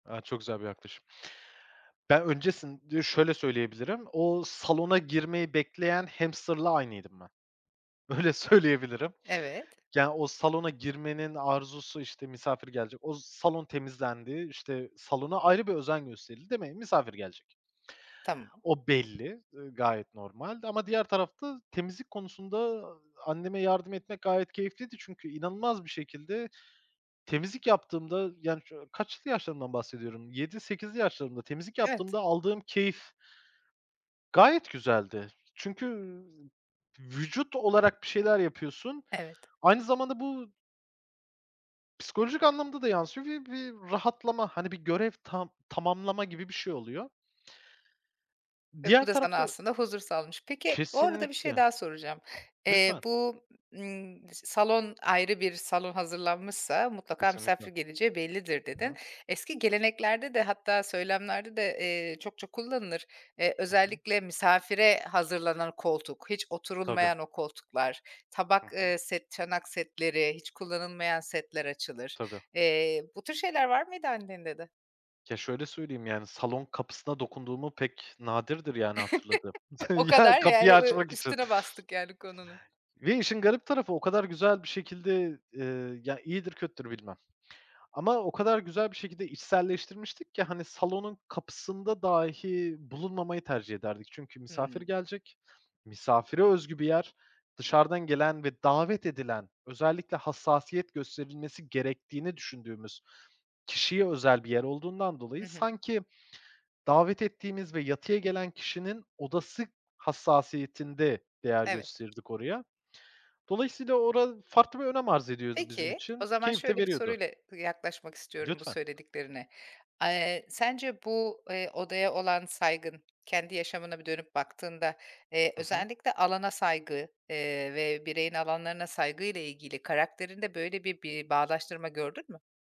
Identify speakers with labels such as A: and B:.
A: A, çok güzel bir yaklaşım. Ben öncesin Şöyle söyleyebilirim, o salona girmeyi bekleyen hamster'la aynıydım ben. Öyle söyleyebilirim.
B: Evet.
A: Ya, o salona girmenin arzusu, işte, misafir gelecek, o salon temizlendi, işte, salona ayrı bir özen gösterildi, değil mi? Misafir gelecek.
B: Tamam.
A: O belli, ııı, gayet normal ama diğer tarafta temizlik konusunda, anneme yardım etmek gayet keyifliydi çünkü, inanılmaz bir şekilde temizlik yaptığımda, yani, kaçlı yaşlarımdan bahsediyorum, 7-8'li yaşlarımda temizlik
B: Evet.
A: yaptığımda aldığım keyif gayet güzeldi. Çünkü, ü vücut olarak bir şeyler yapıyorsun.
B: Evet.
A: Aynı zamanda bu psikolojik anlamda da yansıyor ve bir rahatlama, hani bir görev ta tamamlama gibi bir şey oluyor.
B: Ve
A: Diğer
B: bu da sana
A: tarafta, ö
B: aslında huzur sağlamış. Peki, o arada bir şey
A: Kesinlikle.
B: daha soracağım. Eee,
A: Lütfen.
B: bu, ımm, salon, ayrı bir salon hazırlanmışsa mutlaka
A: Kesinlikle.
B: misafir geleceği bellidir,
A: Hı.
B: dedin. Eski geleneklerde de, hatta söylemlerde de, eee, çokça kullanılır. Eee,
A: Hı hı.
B: özellikle misafire hazırlanan koltuk, hiç
A: Tabii.
B: oturulmayan o koltuklar,
A: Hı
B: tabak,
A: hı.
B: ııı, set, çanak setleri, hiç kullanılmayan setler açılır.
A: Tabii.
B: Eee, bu tür şeyler var mıydı annende de?
A: Ya, şöyle söyleyeyim, yani, salon kapısına dokunduğumu Pek, nadirdir, yani, hatırladığım.
B: O
A: Ya,
B: kadar, yani,
A: kapıyı
B: ü
A: açmak için.
B: üstüne bastık yani konunun.
A: Ve işin garip tarafı, o kadar güzel bir şekilde, ııı, ya, iyidir kötüdür bilmem. Ama o kadar güzel bir şekilde içselleştirmiştik ki, hani, salonun kapısında dahi bulunmamayı tercih ederdik. Çünkü misafir
B: Hıı.
A: gelecek, misafire özgü bir yer. Dışarıdan gelen ve davet edilen, özellikle hassasiyet gösterilmesi gerektiğini düşündüğümüz kişiye özel bir yer olduğundan dolayı,
B: Hı hı.
A: sanki davet ettiğimiz ve yatıya gelen kişinin odası hassasiyetinde değer
B: Evet.
A: gösterirdik oraya. Dolayısıyla ora farklı bir önem arz ediyordu bizim
B: Peki, o
A: için,
B: zaman
A: keyif de
B: şöyle bir
A: veriyordu.
B: soruyla yaklaşmak istiyorum bu
A: Lütfen.
B: söylediklerine. Eee, sence bu, eee, odaya olan saygın, kendi yaşamına bir dönüp baktığında, eee,
A: Hı hı.
B: özellikle alana saygı, eee, ve bireyin alanlarına saygıyla ilgili karakterinde böyle bir bir bağdaştırma gördün mü?